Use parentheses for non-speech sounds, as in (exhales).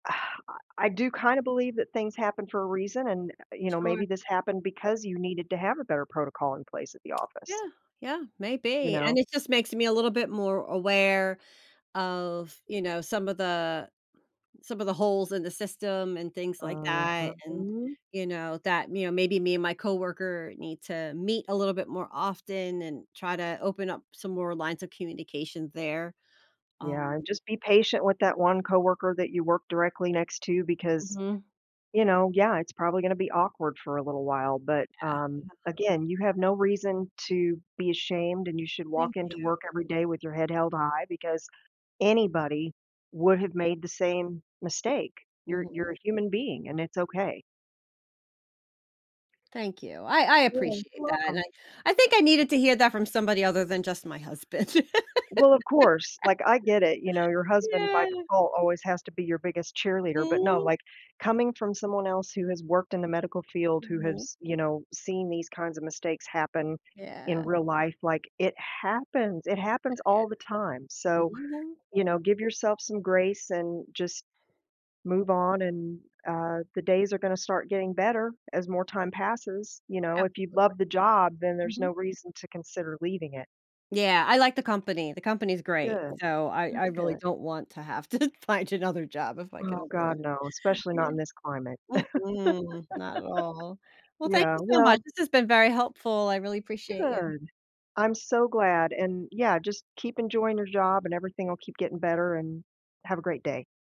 (exhales) I I do kinda believe that things happen for a reason, and, u uh, you know, Sure. maybe this happened because you needed to have a better protocol in place at the office. Yeah. Yeah, You maybe. know? And it just makes me a little bit more aware of, you know, some of the some of the holes in the system and things like Uh-huh, that, and, mhm. you know, that, you know, maybe me and my coworker need to meet a little bit more often, and try to open up some more lines of communication there. Yeah, Um and just be patient with that one coworker that you work directly next to because, Mhm. you know, yeah, it's probably gonna be awkward for a little while, but, Yeah, um, yeah. again, you have no reason to be ashamed and you should walk Thank you. into work every day with your head held high, because anybody would have made the same mistake. You're Mhm. you're a human being and it's okay. Thank you. I I Yeah, you're appreciate that, and welcome. I I think I needed to hear that from somebody other than just my husband. (laughs) Well, of course, like I get it, you know, your husband by Yeah. default always has to be your biggest cheerleader, but no, Mm. like, coming from someone else who has worked in the medical field, who Mhm. has, you know, seen these kinds of mistakes happen in Yeah. real life, like it happens, it happens But yeah, all the time, so, mhm. you know, give yourself some grace and just move on and, uh, the days are gonna start getting better, as more time passes, you know, if you love Absolutely. the job then there's no Mhm. reason to consider leaving it. Yeah. I like the company, the company is great, Good. so I I That's really good. don't want to have to find another job if I can Oh avoid god, no, it. especially not Yeah. in this climate. Mm-mm, not at all. (laughs) Well, thank Yeah, you so much, well this has been very helpful, I really appreciate you. Good. I'm so glad, and yeah, just keep enjoying your job and everything will keep getting better, and have a great day.